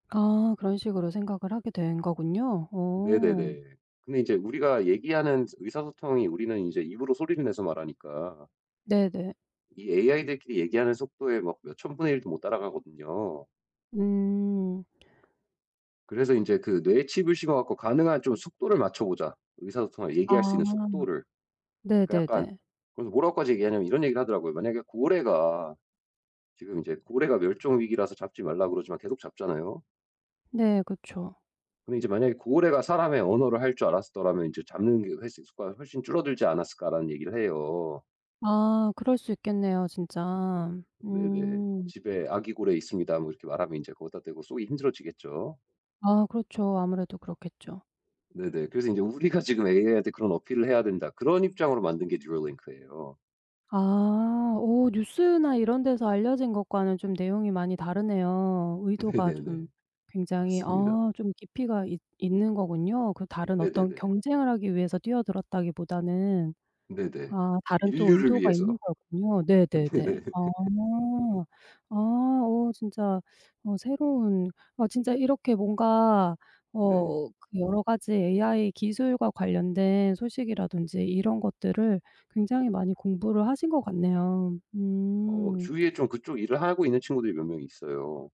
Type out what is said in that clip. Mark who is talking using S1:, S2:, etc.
S1: 아 그런 식으로 생각을 하게 된 거군요. 오.
S2: 네네네. 근데 이제 우리가 얘기하는 스 의사소통이 우리는 인제 입으로 소리를 내서 말하니까.
S1: 네네.
S2: 이 AI들끼리 얘기하는 속도에 막 몇 1000 분의 1 도 못 따라가거든요.
S1: 음.
S2: 그래서 인제 그 뇌에 칩을 심어 갖고 가능한 좀 속도를 맞춰 보자. 의사소통할 얘기할 수 있는
S1: 아.
S2: 속도를 그 약간
S1: 네네네.
S2: 그래서 뭐라고까지 얘기하냐면 이런 얘기를 하더라고요. 만약에 고래가 지금 인제 고래가 멸종 위기라서 잡지 말라 그러지만 계속 잡잖아요.
S1: 네 그쵸.
S2: 근데 이제 "만약에 고래가 사람의 언어를 할 줄 알았었더라면 인제 잡는 개체 수가 훨씬 줄어들지 않았을까?"라는 얘기를 해요.
S1: 아 그럴 수 있겠네요 진짜.
S2: 네네.
S1: 음.
S2: "집에 아기 고래 있습니다." 뭐 이렇게 말하면 인제 거기다 대고 쏘기 힘들어지겠죠.
S1: 아 그렇죠. 아무래도 그렇겠죠.
S2: 네네. 그래서 인제 "우리가 지금 AI한테 그런 어필을 해야 된다." 그런 입장으로 만든 게 Neuralink예요.
S1: 아 오 뉴스나 이런 데서 알려진 것과는 좀 내용이 많이 다르네요. 의도가 좀
S2: 네네네.
S1: 굉장히
S2: 그렇습니다.
S1: 아 좀 깊이가 있 있는 거군요, 그 다른 어떤
S2: 네네네.
S1: 경쟁을 하기 위해서 뛰어들었다기보다는.
S2: 네네.
S1: 아 다른 또
S2: 인류를
S1: 의도가 있는
S2: 위해서.
S1: 거였군요. 네네네.
S2: 네네.
S1: 아. 아 어 진짜 어 새로운 아 진짜 이렇게 뭔가 어
S2: 네.
S1: 그 여러 가지 AI 기술과 관련된 소식이라든지 이런 것들을 굉장히 많이 공부를 하신 것 같네요.
S2: 어
S1: 음.
S2: 주위에 좀 그쪽 일을 하고 있는 친구들이 몇 명 있어요.